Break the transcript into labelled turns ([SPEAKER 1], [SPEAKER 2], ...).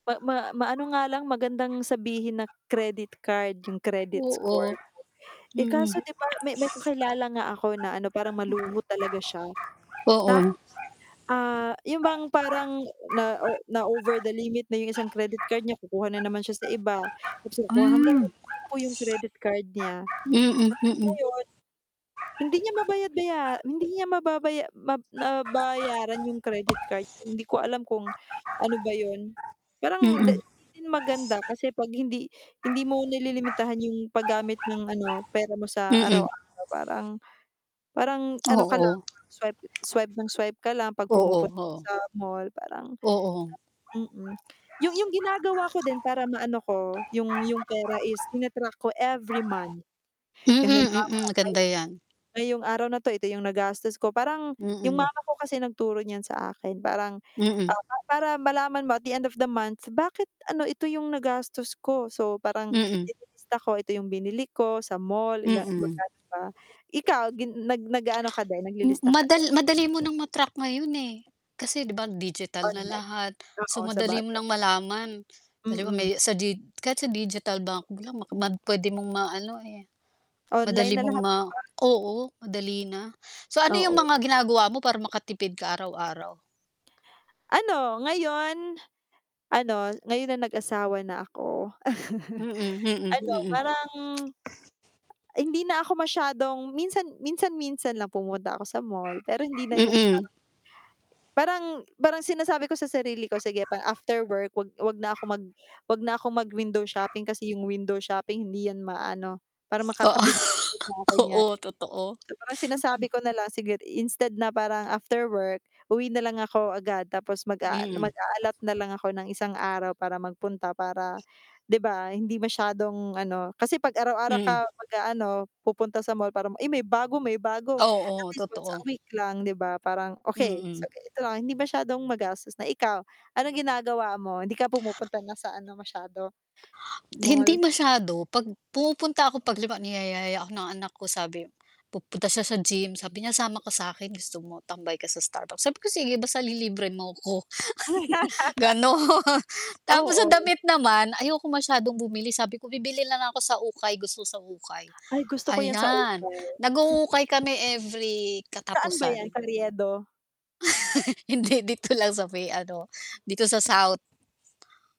[SPEAKER 1] Ma ma maano nga lang, magandang sabihin na, credit card, 'yong credit
[SPEAKER 2] Oo,
[SPEAKER 1] score mo. Eh,
[SPEAKER 2] mm.
[SPEAKER 1] kaso, 'di ba, may may kakilala nga ako na, ano, parang maluho talaga siya,
[SPEAKER 2] Oo.
[SPEAKER 1] tap ah, 'yong bang parang na o na-over the limit na 'yong isang credit card niya, kukuha na naman siya sa iba. Tapos kukuha hanggang
[SPEAKER 2] Hmm.
[SPEAKER 1] maging 10 'yong credit card niya. Tapos
[SPEAKER 2] Mm, mm.
[SPEAKER 1] ngayon, hindi niya mabayad-baya hindi niya mababaya mab nabayaran 'yong credit card, hindi ko alam kung ano ba 'yon. Parang 'di
[SPEAKER 2] Mm.
[SPEAKER 1] 'di din maganda kasi 'pag hindi hindi mo nililimitahan 'yong paggamit ng, ano, pera mo sa
[SPEAKER 2] Mm.
[SPEAKER 1] araw-araw parang, parang ano ka
[SPEAKER 2] Oo.
[SPEAKER 1] lang mag-swipe swipe nang swipe ka lang 'pag
[SPEAKER 2] Oo,
[SPEAKER 1] pumupunta ka
[SPEAKER 2] oo.
[SPEAKER 1] sa mall, parang
[SPEAKER 2] Oo.
[SPEAKER 1] hirap mm. 'Yong 'yong ginagawa ko din para maano ko, 'yong 'yong pera is tina-track ko every month.
[SPEAKER 2] Mm,
[SPEAKER 1] Halimbawa
[SPEAKER 2] mm, maganda
[SPEAKER 1] ngayong
[SPEAKER 2] 'yan.
[SPEAKER 1] ngayong araw na ito, ito 'yong nagastos ko. Parang, 'yong
[SPEAKER 2] Mm.
[SPEAKER 1] mama ko kasi nagturo niyan sa akin, parang,
[SPEAKER 2] Mm.
[SPEAKER 1] ah, pa para malaman mo at the end of the month, bakit, ano, ito 'yong nagastos ko. So parang,
[SPEAKER 2] Mm.
[SPEAKER 1] nililista ko, ito 'yong binili ko sa mall, ila
[SPEAKER 2] Mm.
[SPEAKER 1] magkano ba. Ikaw, gin nag nag-aano ka din,
[SPEAKER 2] M
[SPEAKER 1] naglilista ka
[SPEAKER 2] madal
[SPEAKER 1] din?
[SPEAKER 2] madali mo ng ma-track ngayon, eh, kasi, 'di ba, digital na
[SPEAKER 1] Online,
[SPEAKER 2] lahat, so
[SPEAKER 1] oo,
[SPEAKER 2] madali mo
[SPEAKER 1] sabagay.
[SPEAKER 2] nang malaman. Halimbawa, may
[SPEAKER 1] Mm.
[SPEAKER 2] sa dig kahit sa digital bank lang mad puwede mong maano, eh,
[SPEAKER 1] Online
[SPEAKER 2] madali
[SPEAKER 1] na
[SPEAKER 2] mong
[SPEAKER 1] lahat,
[SPEAKER 2] ma
[SPEAKER 1] 'di ba?
[SPEAKER 2] oo, madali na. So, ano 'yong
[SPEAKER 1] Oo.
[SPEAKER 2] mga ginagawa mo para makatipid ka araw-araw?
[SPEAKER 1] Ano, ngayon, ano, ngayon na nag-asawa na ako,
[SPEAKER 2] Mm, mm,
[SPEAKER 1] ano,
[SPEAKER 2] mm.
[SPEAKER 1] parang, hindi na ako masyadong minsan minsan-minsan lang pupunta ako sa mall. Pero, hindi na 'yong parang
[SPEAKER 2] Mm.
[SPEAKER 1] parang parang sinasabi ko sa sarili ko sige pa after work, huwag huwag na ako mag huwag na akong mag-window shopping, kasi 'yong window shopping hindi 'yan ma-ano, parang makakabili ulit na ako
[SPEAKER 2] Oo,
[SPEAKER 1] niyan.
[SPEAKER 2] oo, totoo.
[SPEAKER 1] So parang, sinasabi
[SPEAKER 2] Hmm.
[SPEAKER 1] ko na lang, sige instead na parang after work, uwi na lang ako agad, tapos mag-aal
[SPEAKER 2] Mm.
[SPEAKER 1] mag-a-allot na lang ako ng isang araw para magpunta. Para, 'di ba, hindi masyadong ano, kasi 'pag araw-araw
[SPEAKER 2] Mm.
[SPEAKER 1] ka mag-aano, pupunta sa mall para ma “Ay, may bago, may bago.” At
[SPEAKER 2] Oo,
[SPEAKER 1] least, once a
[SPEAKER 2] totoo.
[SPEAKER 1] week lang, 'di ba. Parang, okay, so
[SPEAKER 2] Mm.
[SPEAKER 1] ganito lang, hindi masyadong magastos na ikaw, anong ginagawa mo, hindi ka pumupunta na sa ano masyado,
[SPEAKER 2] Hindi
[SPEAKER 1] mall?
[SPEAKER 2] masyado. 'Pag pumupunta ako, 'pag halimbawa niyaya ako ng anak ko sabi, pupunta siya sa gym sabi niya, "Sama ka sa'kin, gusto mo tambay ka sa Starbucks," sabi ko, "Sige, basta lilibre mo ako," gano'n. Tapos sa
[SPEAKER 1] Oo.
[SPEAKER 2] damit naman, ayokong masyadong bumili, sabi ko, "Bibili na lang ako sa ukay, gusto ko sa ukay."
[SPEAKER 1] Ay, gusto ko 'yan, sa
[SPEAKER 2] Ayan,
[SPEAKER 1] ukay. Sa
[SPEAKER 2] nag-uukay kami every
[SPEAKER 1] saan ba 'yan,
[SPEAKER 2] katapusan.
[SPEAKER 1] Carriedo?
[SPEAKER 2] Hindi, dito lang sa may ano, dito sa south.